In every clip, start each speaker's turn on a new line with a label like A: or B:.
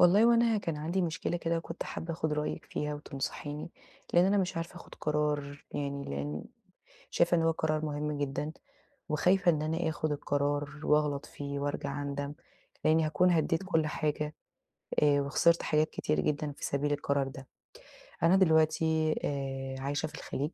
A: والله هو أنا كان عندي مشكلة كده وكنت حابّة آخد رأيِك فيها، وتنصحيني لأن أنا مش عارفة آخد قرار يعني لأن شايفة إن هو قرار مهم جدًا، وخايفة إن أنا آخد القرار وأغلط فيه وأرجع أندم لأني هاكون هدّيت
B: امم.
A: كل حاجة، آآ وخسرت حاجات كتير جدًا في سبيل القرار ده. أنا دلوقتي، آآ، عايشة في الخليج،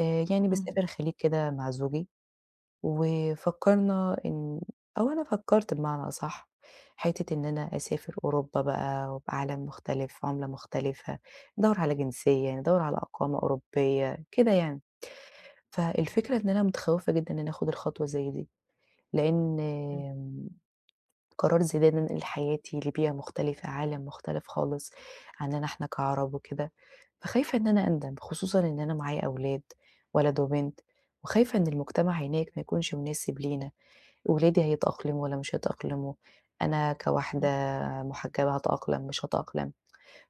A: آآ يعني
B: امم.
A: باسافر الخليج كده مع زوجي، وفكرنا إن أو أنا فكرت بمعنى أصح حِتّة إن أنا أسافر أوروبا بقى وعالم مختلف، عُملة مختلفة، ندوّر على جنسية، ندوّر على إقامة أوروبية كده يعني،
B: تمام.
A: فالفكرة إن أنا متخوّفة جدًا إنّي آخد الخطوة زي دي، لأن
B: امم.
A: آمم قرار زي ده إن أنا انقل حياتي لبيئة مختلفة، عالم مختلف خالص عننا إحنا كعرب وكده، فخايفة إن أنا أندم، خصوصًا إن أنا معايا أولاد ولد وبنت، وخايفة إن المجتمع هناك ما
B: فاهماكِ
A: يكونش مناسب لينا، ولادي هيتأقلموا والّا مش هيتأقلموا؟ أنا كواحدة
B: امم.
A: محجبة هاتأقلم مش هاتأقلم؟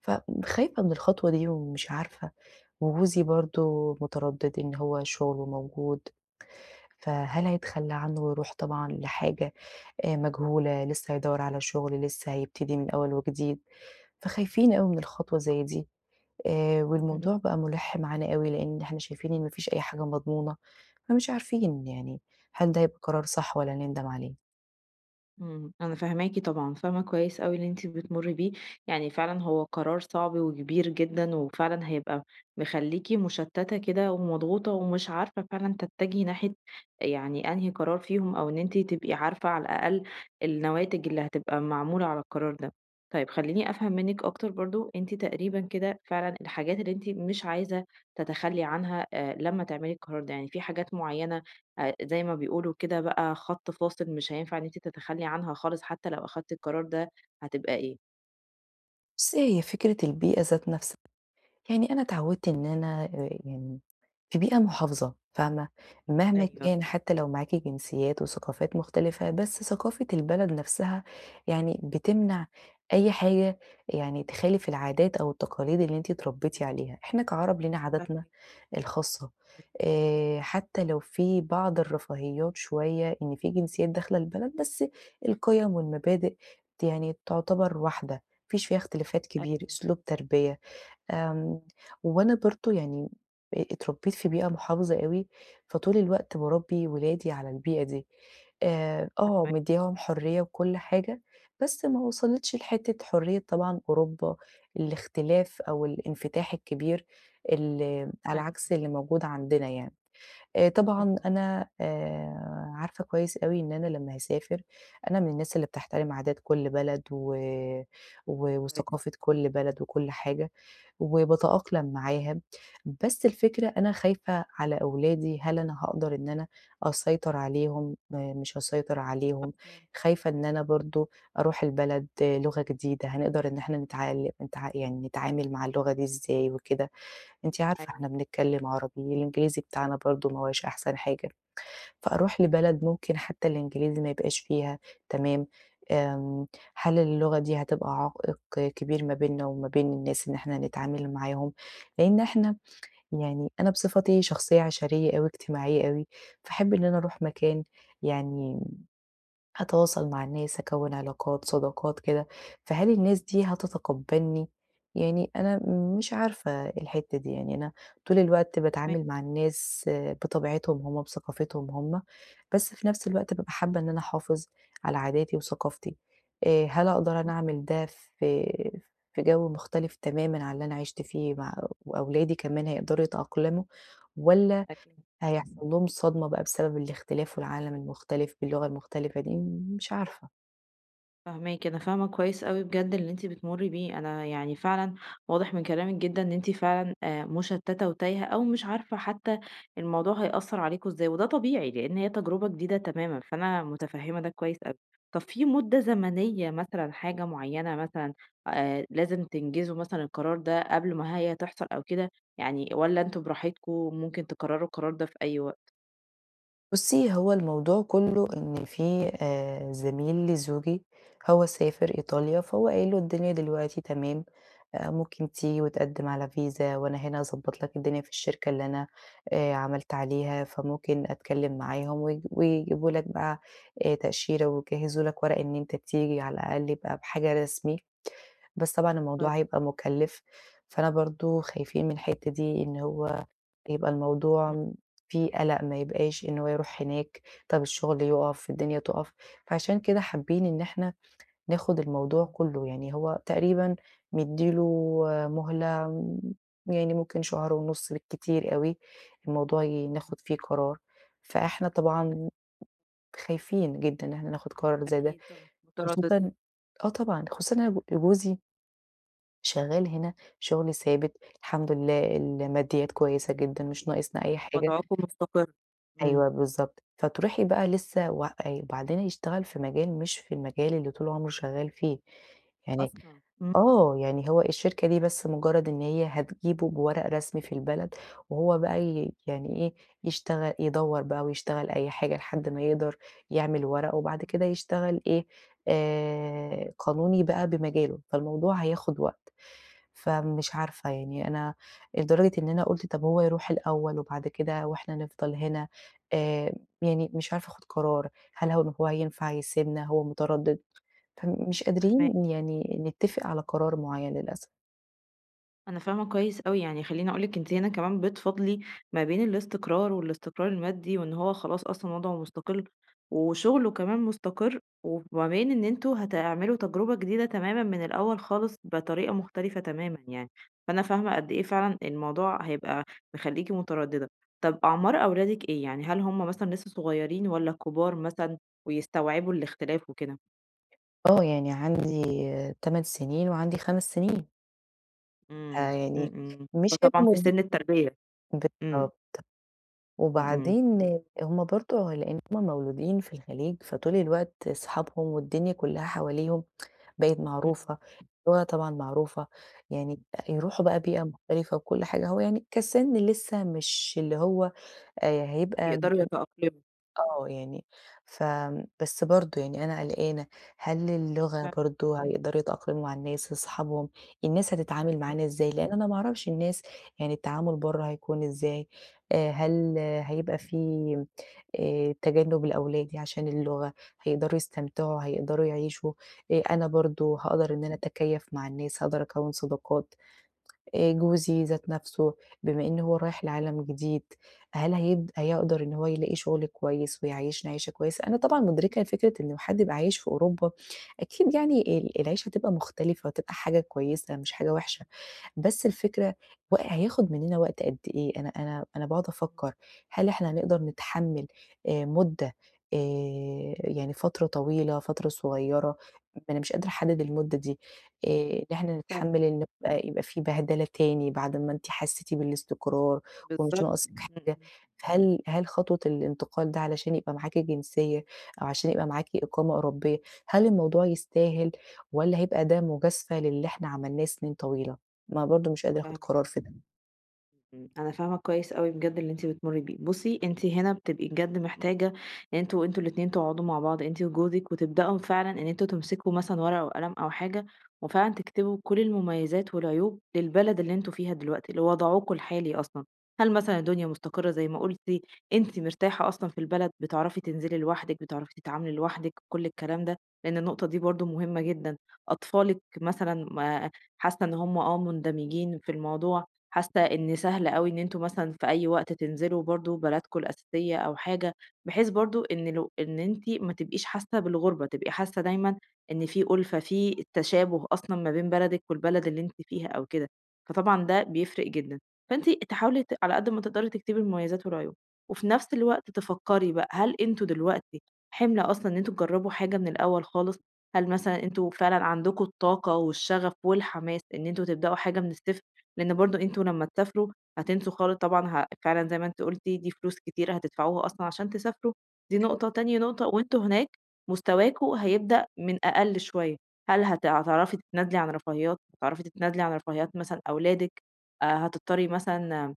A: فخايفة من الخطوة دي ومش عارفة، وجوزي برضو متردد، إن هو شغله موجود فهل هيتخلى عنّه ويروح طبعًا لحاجة آآ مجهولة لسّه هيدوّر على شغل، لسّه هيبتدي من أوّل وجديد، فخايفين أوي من خطوة زي دي، آآ والموضوع
B: امم.
A: بقى مُلِحّ معانا أوي لأن إحنا شايفين إن ما فيش أي حاجة مضمونة، فمش عارفين يعني هل ده هيبقى قرار صح والّا هنندم عليه؟
B: إمم أنا فاهماكِ طبعًا، فاهمة كويس أوي اللي أنتِ بتمري بيه، يعني فعلًا هو قرار صعب وكبير جدًا، وفعلًا هيبقى مخليكِ مُشتتة كده ومضغوطة، ومش عارفة فعلًا تتجهي ناحية يعني أنهي قرار فيهم، أو إن أنتِ تبقي عارفة على الأقل النواتج اللي هتبقى معمولة على القرار ده. طيب خلّيني أفهم منِك أكتر برضه، أنتِ تقريبًا كده فعلًا الحاجات اللي أنتِ مش عايزة تتخلي عنها آآ لمّا تعملي القرار ده، يعني في حاجات مُعيّنة، آآ زي ما بيقولوا كده بقى خط فاصل مش هينفع إن أنتِ تتخلي عنها خالص حتى لو أخدتِ القرار ده هتبقى إيه؟
A: بُصي هي فكرة البيئة ذات نفسها يعني أنا اتعودت إن أنا آآ يعني في بيئة مُحافظة فاهمة؟ مهما
B: أيوه.
A: كان حتى لو معاكِ جنسيات وثقافات مُختلفة، بس ثقافة البلد نفسها، يعني بتمنع أي حاجة يعني تخالف العادات أو التقاليد اللي أنتِ اتربيتِ عليها، إحنا كعرب لينا عادتنا
B: فاهـم
A: الخاصة،
B: [unintelligible]
A: آآ حتى لو في بعض الرفاهيات شوية، إن في جنسيات داخلة البلد، بس القيم والمبادئ ت يعني تُعتبر واحدة، ما فيش فيها اختلافات كبير،
B: أيوه.
A: أسلوب تربية، آمم وأنا برضه يعني آآ اتربيت في بيئة مُحافظة أوي، فطول الوقت باربي ولادي على البيئة دي، آآ آه،
B: فاهماكِ.
A: مدياهم حرية وكُلّ حاجة، بس ما وصلتش لحتة حرية طبعًا أوروبا، الاختلاف أو الإنفتاح الكبير، ال على
B: أيوه.
A: عكس اللي موجود عندنا يعني، آآ طبعًا
B: امم.
A: أنا آآ عارفة كويس أوي إن أنا لمّا هاسافر، أنا من الناس اللي بتحترم عادات كُلّ بلد، و
B: كويس.
A: وثقافة كُلّ بلد، وكُلّ حاجة، وباتأقلم معاها، بس الفكرة أنا خايفة على أولادي، هل أنا هاقدر إن أنا أسيطر عليهم، م مش هاسيطر عليهم،
B: مفهوم،
A: خايفة إن أنا
B: امم.
A: برضه أروح البلد لُغة جديدة، هنقدر إن إحنا نتعال نتعا يعني نتعامل مع اللغة دي إزاي وكده، أنتِ عارفة إحنا
B: أيوه.
A: بنتكلم عربي، والإنجليزي بتاعنا برضه ما هواش أحسن حاجة، فأروح لبلد ممكن حتى الإنجليزي ما يبقاش فيها تمام، آمم هل اللغة دي هتبقى عائق كبير ما بيننا وما بين الناس إن إحنا هنتعامل معاهم؟ لإن إحنا يعني أنا بصفتي شخصية عشرية أوي اجتماعية أوي، فاحب إن أنا أروح مكان، يعني م هاتواصل مع الناس، هاكوِّن علاقات صداقات كده، فهل الناس دي هتتقبلني؟ يعني أنا مش عارفة الحِتّة دي، يعني أنا طول الوقت
B: فاهماكِ.
A: باتعامل مع الناس بطبيعتهم هُم، بثقافتهم هُم، بس في نفس الوقت بابقى حابة إن أنا أحافظ على عاداتي وثقافتي، آآ هل أقدر أنا
B: امم.
A: أعمل ده في في جو مُختلف تمامًا عن اللي أنا عِشت فيه مع أو أولادي كمان هيقدروا يتأقلموا، والّا
B: أكيد.
A: هيحصل لهم صدمة بقى بسبب الاختلاف والعالم المختلف باللغة المُختلفة دي؟ م مش عارفة.
B: فاهماكِ، أنا فاهمة كويس أوي بجد اللي أنتِ بتمُرّي بيه أنا يعني فعلًا واضح من كلامِك جدًا إن أنتِ فعلًا آآ مُشتتة وتايهة أو مش عارفة حتى الموضوع هيأثر عليكم إزاي، وده طبيعي لأن هي تجربة جديدة تمامًا، فأنا متفهمة ده كويس أوي. طب في مدة زمنية مثلًا حاجة معينة مثلًا، آآ لازم تنجزوا مثلًا القرار ده قبل ما هي تحصل أو كده، يعني والّا أنتم براحتكم، ممكن تقرروا القرار ده في أي وقت؟
A: بُصي، هو الموضوع كله إن في آآ زميل لزوجي هو سافر إيطاليا فهو قايل له الدنيا دلوقتي تمام، آآ ممكن تيجي وتقدم على فيزا، وأنا هنا هاضبط لك الدنيا في الشركة اللي أنا، آآ عملت عليها، فممكن أتكلم معاهم ويج ويجيبوا لك بقى، آآ تأشيرة ويجهزوا لك ورق إن أنت تيجي على الأقل يبقى بحاجة رسمي، بس طبعًا الموضوع
B: [unintelligible]
A: هيبقى مكلف، فأنا برضه خايفين من الحتة دي إن هو يبقى الموضوع
B: إمم.
A: م في قلق ما يبقاش إن هو يروح هناك طب الشغل يُقف، الدنيا تُقف فعشان كده حابين إن إحنا ناخُد الموضوع
B: إمم.
A: كله، يعني هو تقريبًا مِدّي له مهلة يعني ممكن شهر ونص بالكتير أوي، الموضوع ي
B: [unintelligible]
A: ناخد فيه قرار، فإحنا
B: امم.
A: طبعًا خايفين جدًا إحنا ناخد قرار زي ده،
B: أكيد طبعًا،
A: خصوصًا
B: مترددين.
A: آه طبعًا، خصوصًا إن أنا ب جوزي شغال هنا شغل ثابت الحمد لله، الماديات كويسة جدًا مش ناقصنا أي حاجة
B: وضعكم مستقر، إمم.
A: أيوه بالضبط، فتروحي بقى لسه وإ وبعدين هيشتغل في مجال مش في المجال اللي طول عمره شغال فيه، يعني
B: أصلًا! امم.
A: آه، يعني هو الشركة دي بس مجرد إن هي هتجيبه بورق رسمي في البلد، وهو بقى ي يعني إيه يشتغل يدَوّر بقى ويشتغل أي حاجة لحد ما يقدر يعمل ورقه، وبعد
B: إمم.
A: كده يشتغل إيه، آآ قانوني بقى بمجاله، فالموضوع هياخد وقت، فمش عارفة يعني أنا لدرجة إن أنا قُلت طب هو يروح الأول وبعد كده وإحنا نفضل هنا آآ يعني مش عارفة آخُد قرار، هل هو إن هو هينفع يسيبنا هو متردد، فمش
B: فاهماكَِ.
A: قادرين يعني نتفق على قرار
B: امم.
A: معيّن للأسف.
B: أنا فاهمة كويس أوي. يعني خلّيني أقول لِك أنتِ هنا كمان بتفاضلي ما بين الاستقرار والإستقرار المادي وإن هو خلاص أصلًا وضْعه مُستقِل وشُغله كمان مُستقِر وما بين إن أنتم هتعملوا تجربة جديدة تمامًا من الأول خالص بطريقة
A: صح.
B: مختلفة تمامًا يعني، فأنا فاهمة قد إيه فعلًا الموضوع هيبقى مخلّيكِ متردّدة. طب أعمار أولادِك إيه؟ يعني هل هم مثلًا لسّه صغيرين والّا كُبار مثلًا ويستوعبوا الاختلاف وكده؟
A: آه. يعني عندي 8 سِنين وعندي 5 سِنين. آآ
B: إمم. إمم،
A: يعني
B: إمم.
A: مش
B: فطبعًا في
A: [unintelligible]
B: سِن التربية. إمم.
A: بالضبط.
B: إمم، إمم.
A: وبعدين هم برضه لإن هم مولودين في الخليج، فطول الوقت صحابهم والدنيا كُلّها حواليهم بقِت
B: إمم.
A: معروفة [unintelligible] طبعًا معروفة، يعني يروحوا
B: امم.
A: بقى بيئة مختلفة وكل حاجة هو يعني كسِن لسّه مش اللي هو آآ هيبقى م
B: يقدروا يتأقلموا.
A: آه يعني فم بس برضه يعني أنا قلقانة، هل اللغة
B: فاه
A: برضه هيقدروا يتأقلموا مع الناس اصحابهم؟ الناس هتتعامل
B: [unintelligible]
A: معانا إزاي لإن أنا ما أعرفش الناس يعني التعامل برّه هيكون إزاي؟ آآ هل
B: امم.
A: هيبقى في آآ تجنُّب لأولادي عشان اللغة، هيقدروا يستمتعوا، هيقدروا يعيشوا، آآ أنا برضه هاقدر إن أنا أتكيّف مع الناس، هاقدر أكوّن صداقات؟ آآ جوزي ذات نَفسه بما إن هو رايح لعالم جديد، هل هيد هيقدر إن هو يلاقي شُغل كويس ويعيّشنا عيشة كويسة؟ أنا طبعًا مُدركة لفكرة إن حد يبقى عايش في أوروبا أكيد يعني ال العيشة هتبقى مختلفة وهتبقى حاجة كويسة مش حاجة وِحشة،
B: مظبوط.
A: بس الفكرة و هياخد منّنا وقت قد إيه؟ أنا أنا -أنا باقعد
B: آمم.
A: أفكّر هل إحنا نقدر نتحمِّل آآ مُدّة آآ يعني فترة طويلة، فترة صغيرة، أنا مش قادرة أحدّد المُدّة دي، آآ إن نحن نتحمِّل
B: فاهماكِ.
A: ال يبقى يبقى في بهدلة تاني بعد ما أنتِ حسّيتِ بالإستقرار ومش
B: بالضبط.
A: ناقصِك حاجة،
B: إمم.
A: هل هل خطوة الإنتقال ده علشان يبقى معاكِ جنسية أو عشان يبقى معاكِ إقامة أوروبية، هل الموضوع يستاهل والّا هيبقى ده مُجازفة للي إحنا عملناه سِنين طويلة؟ ما هو برضه مش قادرة آخُد
B: فاهماكِ.
A: قرار في ده.
B: إمم. أنا فاهمة كويس أوي بجد اللي أنتِ بتمُرّي بيه. بُصّي، أنتِ هنا بتبقي بجد محتاجة يعني أنتم أنتم الاتنين تقعدوا مع بعض أنتِ وجوزِك وتبدأوا فعلًا إن أنتم تمسكوا مثلًا ورقة وقلم أو حاجة وفعلًا تكتبوا كل المميزات والعيوب للبلد اللي أنتم فيها دلوقتي، لوضعكم الحالي أصلًا. هل مثلًا الدنيا مُستقرة زي ما قُلتِ؟ أنتِ مرتاحة أصلًا في البلد، بتعرفي تنزلي لوحدِك، بتعرفي تتعاملي لوحدِك، كل الكلام ده، لإن النقطة دي برضه مهمة جدًا. أطفالِك مثلًا ما حاسّة إن هم آه مُندمجين في الموضوع، حاسّة إن سهل أوي إن أنتم مثلًا في أي وقت تنزلوا برضه بلدكم الأساسية أو حاجة بحيث برضه إن لو إن أنتِ ما تبقيش حاسّة بالغُربة، تبقي حاسّة دايمًا إن في أُلفَة، في التشابه أصلًا ما بين بلدِك والبلد اللي أنتِ فيها أو كده، فطبعًا ده بيفرق جدًا. فأنتِ تحاولي على قد ما تقدري تكتبي المميزات والعيوب وفي نفس الوقت تفكّري بقى، هل أنتم دلوقتي حِمل أصلًا إن أنتم تجرّبوا حاجة من الأول خالص؟ هل مثلًا أنتم فعلًا عندكم الطاقة والشَغَف والحماس إن أنتم تبدأوا حاجة من الصفر؟ لإن برضه أنتم لمّا تسافروا هتنسوا خالص طبعًا ها فعلًا زي ما أنتِ قُلتِ دي فلوس كتيرة هتدفعوها أصلًا عشان تسافروا، دي
A: حلو.
B: نقطة تاني نقطة وأنتم هناك مستواكم هيبدأ من أقل شوية. هل هت هتعرفي تتنازلي عن رفاهيّات، هتعرفي تتنازلي عن رفاهيّات مثلًا أولادِك؟ آآ هتضطرّي مثلًا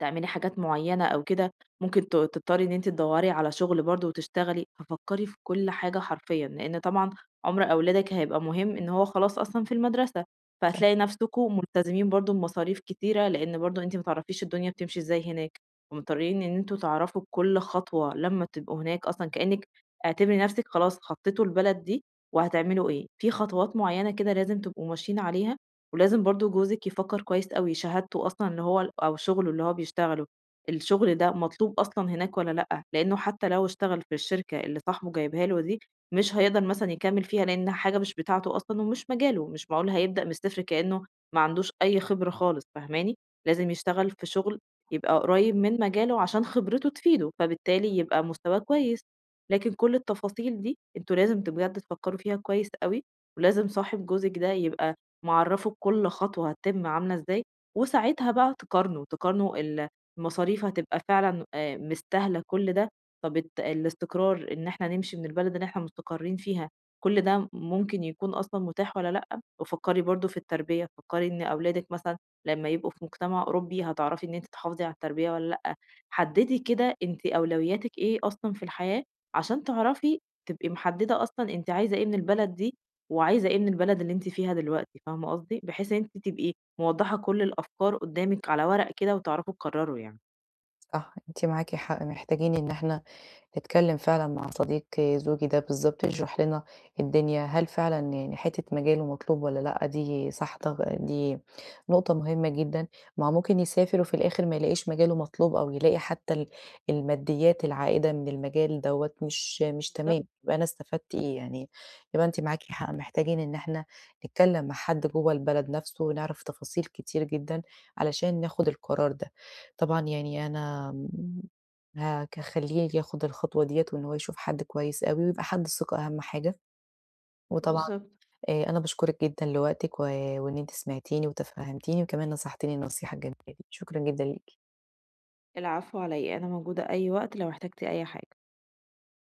B: تعملي حاجات معيّنة أو كده ممكن ت تضطرّي إن أنتِ تدوّري على شُغل برضه وتشتغلي. ففكّري في كل حاجة حرفيًا، لإن طبعًا عُمر أولادِك هيبقى مهم إن هو خلاص أصلًا في المَدرسة،
A: [unintelligible]
B: فهتلاقي نَفسكم مُلتزمين برضه بمصاريف كتيرة لإن برضه أنتِ ما تعرفيش الدنيا بتمشي إزاي هناك ومُضطرّين إن أنتم تعرفوا كل خطوة لمّا تبقوا هناك أصلًا كأنِك اعتبري نَفسِك خلاص خطّيتوا البلد دي وهتعملوا إيه. في خطوات معيّنة كده لازم تبقوا ماشيين عليها ولازم برضه جوزِك يفكّر كويس أوي. شهادته أصلًا إن هو ال أو شُغله اللي هو بيشتغله، الشُغل ده مطلوب أصلًا هناك والّا لأ؟ لإنّه حتّى لو اشتغل في الشركة اللي صاحبه جايبها له دي، مش هيقدر مثلًا يكمّل فيها، لإن حاجة مش بتاعته أصلًا ومش مجاله، مش معقول هيبدأ من الصفر كإنّه ما عندوش أي خبرة خالص فاهماني؟ لازم يشتغل في شُغل يبقى قريّب من مجاله عشان خبرته تفيده، فبالتالي يبقى مستواه كويس، لكن كل التفاصيل دي أنتم لازم بجد تفكّروا فيها كويس أوي ولازم صاحب جوزِك ده يبقى معَرَّفه بكل خطوة هتتِم عاملة إزاي وساعتها بقى تقارنوا، تقارنوا ال المصاريف هتبقى فعلًا آآ مستاهلة كل ده، طَب ات الاستقرار إن إحنا نمشي من البلد اللي إحنا مُستقرّين فيها كل ده م ممكن يكون أصلًا متاح والّا لأ وفكّري برضه في التربية، فكّري إن أولادِك مثلًا لمّا يبقوا في مُجتمع أوروبي هتعرفي إن أنتِ تحافظي على التربية والّا لأ؟ حدّدي كده أنتِ أولوياتِك إيه أصلًا في الحياة عشان تعرفي تبقي محدّدة أصلًا أنتِ عايزة إيه من البلد دي وعايزة إيه من البلد اللي أنتِ فيها دلوقتي فاهمة قصدي؟ بحيث إن أنتِ تبقي موضّحة كل الأفكار قُدّامِك على ورقة كده وتعرفوا تقرّروا يعني.
A: صح، أنتِ معاكِ حق. محتاجين إن إحنا نتكلّم فعلًا مع صديق زوجي ده بالضبط يشرح لنا الدنيا، هل فعلًا يعني حتّة مجاله مطلوب والّا لأ دي صح طا دي نقطة مهمة جدًا، ما هو ممكن يسافر وفي الآخِر ما يلاقيش مجاله مطلوب أو يلاقي حتّى ال الماديّات العائِدة من المجال دوّة مش مش
B: [unintelligible]
A: تمام، يبقى أنا استفدت إيه يعني، يبقى أنتِ معاكِ حق
B: بالضبط.
A: محتاجين إن إحنا نتكلّم مع حد جوّه البلد نَفسه ونعرف تفاصيل كتير جدًا علشان ناخُد القرار ده. طبعًا يعني أنا م هاك هاخلّيه ياخُد الخطوة ديّة وإن هو يشوف حد كويس أوي ويبقى حد ثقة أهَم حاجة. وطبعا
B: بالضبط.
A: آآ أنا باشكُرِك جدًا لوقتِك و وإن أنتِ سمعتيني وتفهَّمتيني وكمان نصحتيني النصيحة الجميلة دي، شكرًا جدًا ليكِ.
B: العفو علي إيه؟ أنا موجودة أي وقت لو احتجتِ أي حاجة.